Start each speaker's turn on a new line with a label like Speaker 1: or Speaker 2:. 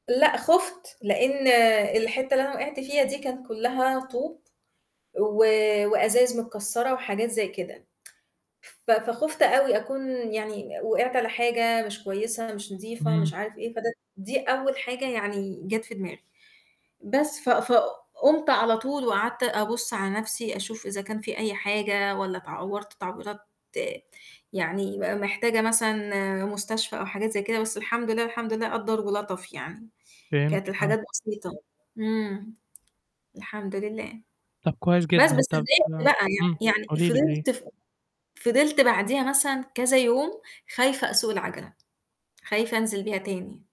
Speaker 1: لأ، خُفت لأن الحتّة اللي أنا وِقعت فيها دي كانت كلها طوب و وأزايز متكسرة وحاجات زي كده. ف فخُفت أوي أكون يعني وِقعت على حاجة مش كويسة مش نضيفة
Speaker 2: إمم.
Speaker 1: مش عارف إيه، فده دي أول حاجة يعني جات في دماغي، بس ف فقُمت على طول وقعدت أبُص على نفْسي أشوف إذا كان فيه أي حاجة والّا اتعورت تعويرات يعني م محتاجة مثلًا مستشفى أو حاجات زي كده، بس الحمد لله، الحمد لله قدَّر ولَطَف يعني، كانت
Speaker 2: فهمتِك، آه.
Speaker 1: الحاجات بسيطة. إمم. الحمد لله.
Speaker 2: طَب كويس
Speaker 1: بس
Speaker 2: جدًا،
Speaker 1: بس
Speaker 2: طَب
Speaker 1: اتضايقت بقى
Speaker 2: إمم.
Speaker 1: يعني يعني
Speaker 2: قولي لي قولي لي.
Speaker 1: فِضِلت ف فِضِلت بعديها مثلًا كذا يوم خايفة أسوق العَجَلة، خايفة أنزِل بيها تاني.